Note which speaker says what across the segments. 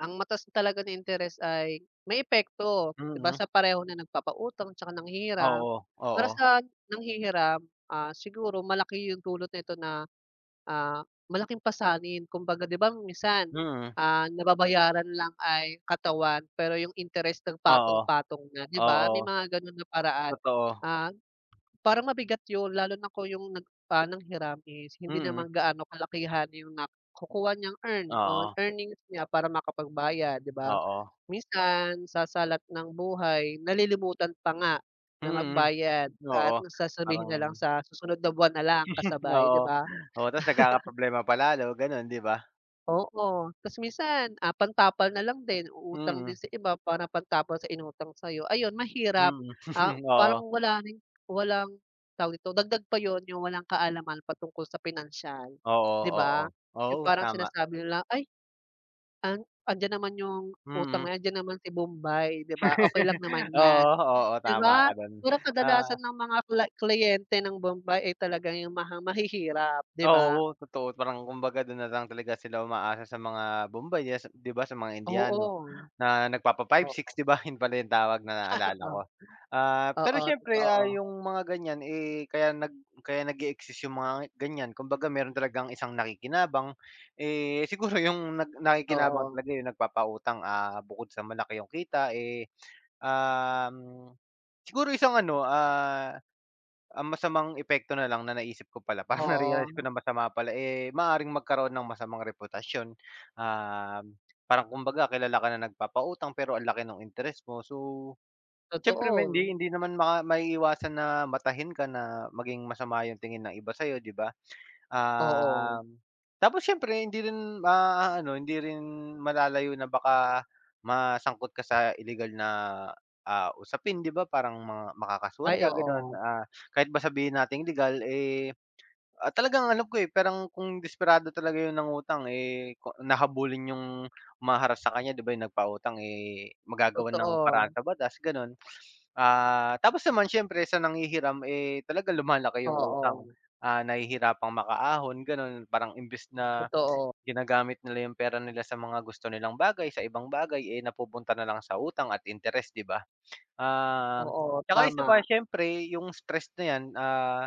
Speaker 1: Ang mataas talaga na interes ay may epekto di ba,
Speaker 2: Mm.
Speaker 1: sa pareho na nagpapautang tsaka nanghihiram.
Speaker 2: Oo,
Speaker 1: Para
Speaker 2: oo.
Speaker 1: sa nanghihiram, ah, siguro malaki 'yung dulot nito na, ah, malaking pasanin kumbaga di ba, minsan,
Speaker 2: Mm.
Speaker 1: ah, nababayaran lang ay katawan pero 'yung interest nag
Speaker 2: Oo,
Speaker 1: patong-patong na di ba,
Speaker 2: oo.
Speaker 1: may mga gano'n na paraan.
Speaker 2: Totoo.
Speaker 1: Ah, parang mabigat 'yun lalo na kung 'yung nag ng hiram is hindi
Speaker 2: Mm.
Speaker 1: naman gaano kalakihan 'yung nakukuha niyang earn o
Speaker 2: Oo.
Speaker 1: earnings niya para makapagbayad, di ba?
Speaker 2: Oo.
Speaker 1: Minsan sa salat ng buhay nalilimutan pa nga na
Speaker 2: Mm,
Speaker 1: magbayad at
Speaker 2: oo,
Speaker 1: na sasabihin nalang
Speaker 2: parang
Speaker 1: sa susunod na buwan nalang kasabay, di
Speaker 2: Oo,
Speaker 1: ba?
Speaker 2: oo, tas nagkakaproblema pa lalo gano'n, di ba?
Speaker 1: Oo, tas minsan, ah, pantapal na lang din uutang
Speaker 2: Mm.
Speaker 1: din sa iba para pantapal sa inutang sa'yo, ayun mahirap,
Speaker 2: Mm,
Speaker 1: ah, parang
Speaker 2: oo.
Speaker 1: wala ring walang tawag dito, dagdag pa 'yun 'yung walang kaalaman patungkol sa pinansiyal, di
Speaker 2: Oo.
Speaker 1: ba?
Speaker 2: Oo,
Speaker 1: 'Yung
Speaker 2: oo,
Speaker 1: parang
Speaker 2: tama.
Speaker 1: sinasabi nila ay, an andiyan naman 'yung
Speaker 2: Mm.
Speaker 1: utang, eh, andiyan naman si bombay di ba, okey lang naman 'yan,
Speaker 2: Oo, oo
Speaker 1: di
Speaker 2: tama
Speaker 1: ba?
Speaker 2: ka do'n,
Speaker 1: Pero
Speaker 2: ah
Speaker 1: kadalasan ng mga kla kliyente ng bombay ay talagang 'yung mga mahihirap, di ba?
Speaker 2: Oo, totoo. Parang kumbaga do'n na lang talaga sila umaasa sa mga bombay diyan sa di ba, sa mga
Speaker 1: Oo,
Speaker 2: Indiano na nagpapa
Speaker 1: oo.
Speaker 2: 5-6 di ba, 'yun pala 'yung tawag na naalala ko. Ah, pero
Speaker 1: Oo,
Speaker 2: siyempre, ah,
Speaker 1: totoo.
Speaker 2: 'yung mga ganiyan, eh, kaya nag kaya nag-e-exist 'yung mga ganiyan kumbaga meron talagang isang nakikinabang, eh, siguro 'yung nag nakikinabang
Speaker 1: Oo.
Speaker 2: talaga, eh, 'yung nagpapautang, ah, bukod sa malaki 'yung kita, eh, um siguro isang ano, ah, ang masamang epekto na lang na naisip ko pala parang na-realize ko
Speaker 1: Oo.
Speaker 2: na masama pala, eh, maaaring magkaroon ng masamang reputasyon. Um, parang kumbaga kilala ka na nagpapautang pero ang laki ng interes mo, so siyempre me
Speaker 1: Totoo.
Speaker 2: hindi hindi naman ma maiiwasan na matahin ka na maging masama 'yung tingin ng iba sa'yo, di ba?
Speaker 1: Oo.
Speaker 2: Um, tapos siyempre hindi rin maaano hindi rin malalayo na baka masangkot ka sa ilegal na, ah, usapin di ba, parang mga makakasuhan
Speaker 1: Ay,
Speaker 2: ka gano'n,
Speaker 1: oo.
Speaker 2: ah, kahit ba sabihin nating legal, eh, at talagang alam ko, eh, parang kung desperado talaga 'yun nangutang, eh, ko an na habulin 'yung huma-harass sa kaniya di ba, 'yung nagpautang, eh, magagawa ng
Speaker 1: Totoo.
Speaker 2: paraan sa batas gano'n, ah, tapos naman siyempre sa nanghihiram, eh, talaga lumalaki 'yung utang,
Speaker 1: Oo.
Speaker 2: ah, nahihirapang makaahon gano'n parang imbes na
Speaker 1: Totoo.
Speaker 2: ginagamit nila 'yung pera nila sa mga gusto nilang bagay sa ibang bagay, eh, napupunta nalang sa utang at interest, di ba? Um,
Speaker 1: Oo,
Speaker 2: tsaka isa pa,
Speaker 1: tama.
Speaker 2: siyempre 'yung stress na 'yan ah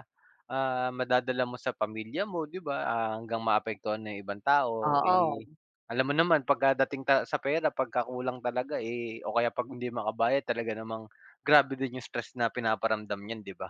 Speaker 2: ah, madadala mo sa pamilya mo di ba, ah, hanggang maapektuhan ng ibang tao,
Speaker 1: Oo.
Speaker 2: eh, alam mo naman pagkadating ta sa pera pagkakulang talaga, eh, o kaya pag hindi makabayad talaga namang grabe din 'yung stress na pinaparamdam niyan, di ba?